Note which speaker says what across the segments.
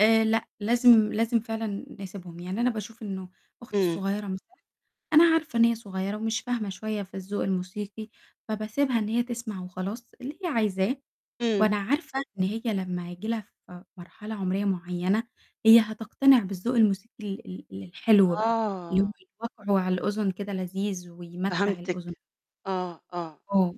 Speaker 1: آآ، لأ، لازم لازم فعلًا نسيبهم، يعني أنا باشوف إنه أختي
Speaker 2: امم.
Speaker 1: صغيرة مثلًا أنا عارفة إن هي صغيرة، ومش فاهمة شوية في الذوق الموسيقي، فباسيبها إن هي تسمع وخلاص، اللي هي عايزاه،
Speaker 2: امم.
Speaker 1: وأنا عارفة إن هي لمّا هييجي لها ف مرحلة عمرية معيّنة، هي هتقتنع بالذوق الموسيقي ال ال الحلو بقى، اللي هو
Speaker 2: آه.
Speaker 1: وَقعُه على الأذن كده لذيذ، ويمتّع الأذن.
Speaker 2: فهمتِك، آه، آه،
Speaker 1: آه.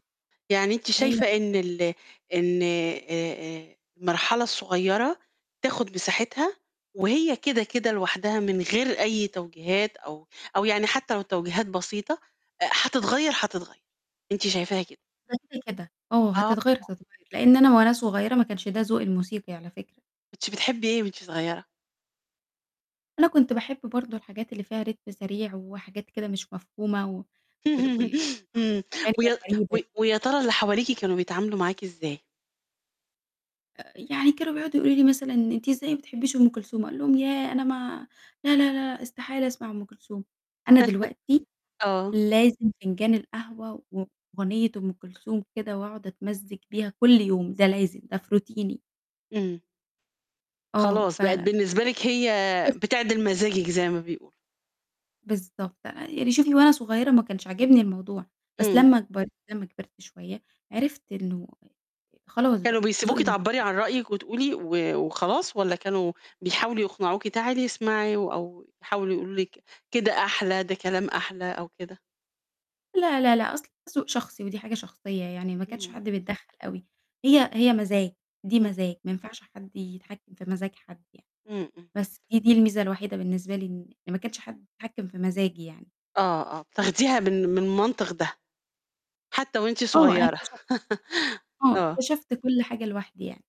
Speaker 2: يعني أنتِ
Speaker 1: هي
Speaker 2: شايفة
Speaker 1: بتبقى
Speaker 2: إن
Speaker 1: كده
Speaker 2: ال إن آآ، آآ، المرحلة الصغيرة بتاخد مساحتها، وهي كده، كده لوحدها، من غير أي توجيهات، أو أو يعني حتّى لو توجيهات بسيطة، أ هتتغيّر، هتتغيّر، أنتِ شايفاها كده؟
Speaker 1: بس كده، آه،
Speaker 2: آه.
Speaker 1: هتتغيّر، هتتغيّر لأن أنا وأنا صغيرة، ما كنش ده ذوقي الموسيقي على فكرة.
Speaker 2: كنتِ بتحبي إيه وأنتِ صغيرة؟
Speaker 1: أنا كنت باحب برضه الحاجات اللي فيها rhythm سريع، وحاجات كده مش مفهومة، و وال وال
Speaker 2: امم، ويا
Speaker 1: [unintelligible]
Speaker 2: و
Speaker 1: بعيدة.
Speaker 2: ويا ترى اللي حواليكِ كانوا بيتعاملوا معاكِ إزاي؟
Speaker 1: آآ، يعني كانوا بيقعدوا يقولوا لي مثلًا: "أنتِ إزاي ما بتحبيش أم كلثوم؟" أقول لهم: "ياه! أنا ما لأ، لأ، لأ، استحالة أسمع أم كلثوم." أنا دلوقتي
Speaker 2: آه.
Speaker 1: لازم فنجان القهوة وأغنية أم كلثوم كده، وأقعد أتمزج بيها كلّ يوم، ده لازم، ده في روتيني.
Speaker 2: امم.
Speaker 1: آه،
Speaker 2: خلاص بقت
Speaker 1: فعلًا.
Speaker 2: بالنسبة لِك هي
Speaker 1: [unintelligible]
Speaker 2: بتعدل مزاجِك زَي ما بيقولوا.
Speaker 1: بالضبط، آآ، يعني شوفي، وأنا صغيرة ما كانش عاجبني الموضوع، بس
Speaker 2: امم.
Speaker 1: لمّا أكبر لمّا كبرت شوية، عرفت إنه خلاص
Speaker 2: كانوا
Speaker 1: بقى ذوقي
Speaker 2: بيسيبوكِ
Speaker 1: الموسيقي
Speaker 2: تعبّري عن
Speaker 1: اتغيّر.
Speaker 2: رأيِك، وتقولي و وخلاص، والّا كانوا بيحاولوا يقنعوكِ "تعالي اسمعي." أو يحاولوا يقولوا لِك: "كده أحلى، ده كلام أحلى." أو كده؟
Speaker 1: لأ، لأ، لأ، أصل ده ذوق شخصي، ودي حاجة شخصية، يعني ما كانش
Speaker 2: امم.
Speaker 1: حد بيتدخل أوي، هي هي مزاج، دي
Speaker 2: امم.
Speaker 1: مزاج ما ينفعش حد يتحكّ في مزاج حد يعني،
Speaker 2: امم، امم.
Speaker 1: بس دي دي الميزة الوحيدة بالنسبة لي، إن ما كانش حد بيتحكّم في مزاجي يعني.
Speaker 2: آه، آه، تاخديها من من منطق ده، حتى وأنتِ
Speaker 1: آه، أنا
Speaker 2: صغيرة.
Speaker 1: اكتشفت آه،
Speaker 2: آه.
Speaker 1: اكتشفت كلّ حاجة لوحدي يعني.